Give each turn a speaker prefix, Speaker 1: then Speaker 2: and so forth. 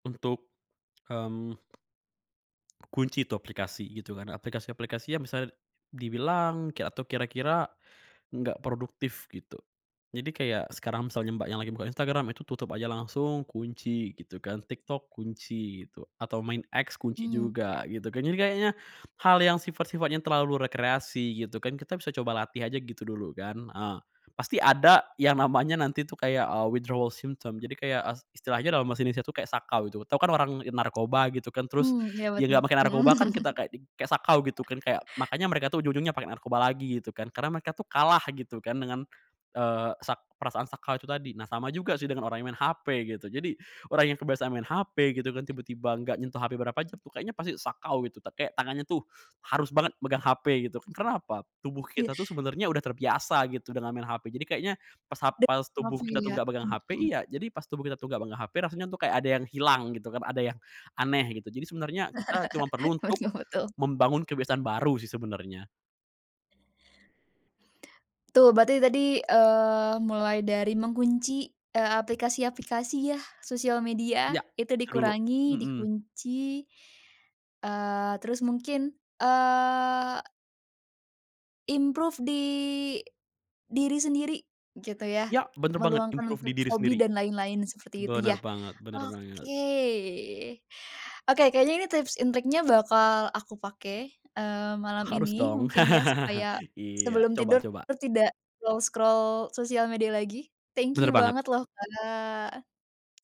Speaker 1: Untuk, mmm. Kunci itu aplikasi, gitu, kan. Aplikasi-aplikasi yang bisa dibilang, kek atau kira-kira enggak produktif, gitu. Jadi, kayak sekarang misalnya Mbak yang lagi buka Instagram itu tutup aja langsung, kunci, gitu, kan. TikTok kunci itu, atau main X kunci
Speaker 2: Mhm, oke.
Speaker 1: juga, gitu, kan. Jadi, kayaknya hal yang sifat-sifatnya terlalu rekreasi, gitu, kan, kita bisa coba latih aja, gitu, dulu, kan. Eee, pasti ada yang namanya nanti, tuh, kayak, eee, withdrawal symptoms, jadi, kayak, eee, istilahnya dalam bahasa Indonesia, tuh, kayak sakau, gitu. Tahu, kan, orang narkoba, gitu, kan, terus
Speaker 2: Mmm, iya,
Speaker 1: dia
Speaker 2: betul.
Speaker 1: enggak pakai narkoba, kan,
Speaker 2: Mhm.
Speaker 1: kita kayak di kayak sakau, gitu, kan, kayak Makanya mereka, tuh, ujung-ujungnya pakai narkoba lagi, gitu, kan, karena mereka, tuh, kalah, gitu, kan, dengan, eee, sak perasaan sakau itu tadi. Nah, sama juga, sih, dengan orang yang main HP, gitu. Jadi, orang yang kebiasaan main HP gitu, kan, tiba-tiba enggak nyentuh HP berapa jam, tuh, kayaknya pasti sakau, gitu. Kayak tangannya, tuh, harus banget megang HP gitu. Kenapa? Tubuh
Speaker 2: Iya.
Speaker 1: kita, tuh, sebenernya udah terbiasa, gitu, dengan main HP, jadi, kayaknya pas hap
Speaker 2: De
Speaker 1: pas tubuh kita, tuh,
Speaker 2: mafia,
Speaker 1: enggak megang HP
Speaker 2: mhm.
Speaker 1: iya, jadi, pas tubuh kita, tuh, enggak megang HP rasanya, tuh, kayak ada yang hilang, gitu, kan. Ada yang aneh, gitu. Jadi, sebenernya kita cuma perlu
Speaker 2: Buat
Speaker 1: untuk
Speaker 2: ngefoto.
Speaker 1: membangun kebiasaan baru, sih, sebenarnya.
Speaker 2: Tuh. Berarti tadi, eee, mulai dari mengunci, eee, aplikasi-aplikasi, ya. Sosial media
Speaker 1: Ya,
Speaker 2: itu
Speaker 1: itu dulu,
Speaker 2: dikurangi,
Speaker 1: mhm.
Speaker 2: dikunci, eee, terus mungkin, eee improve di diri sendiri, gitu, ya.
Speaker 1: Ya, benar banget,
Speaker 2: Meluangkan
Speaker 1: improve di
Speaker 2: untuk
Speaker 1: diri
Speaker 2: hobi
Speaker 1: sendiri.
Speaker 2: dan lain-lain, seperti itu,
Speaker 1: Benar
Speaker 2: ya,
Speaker 1: banget benar banget.
Speaker 2: oke. Oke, kayaknya ini tips and triknya bakal aku pakai, eee, malam
Speaker 1: Harus
Speaker 2: ini,
Speaker 1: dong.
Speaker 2: mungkin, ya, supaya
Speaker 1: Iya,
Speaker 2: sebelum
Speaker 1: coba
Speaker 2: tidur
Speaker 1: coba.
Speaker 2: tidak scroll-scroll sosial media lagi. Thank
Speaker 1: Benar
Speaker 2: you
Speaker 1: banget.
Speaker 2: banget, loh, Kak.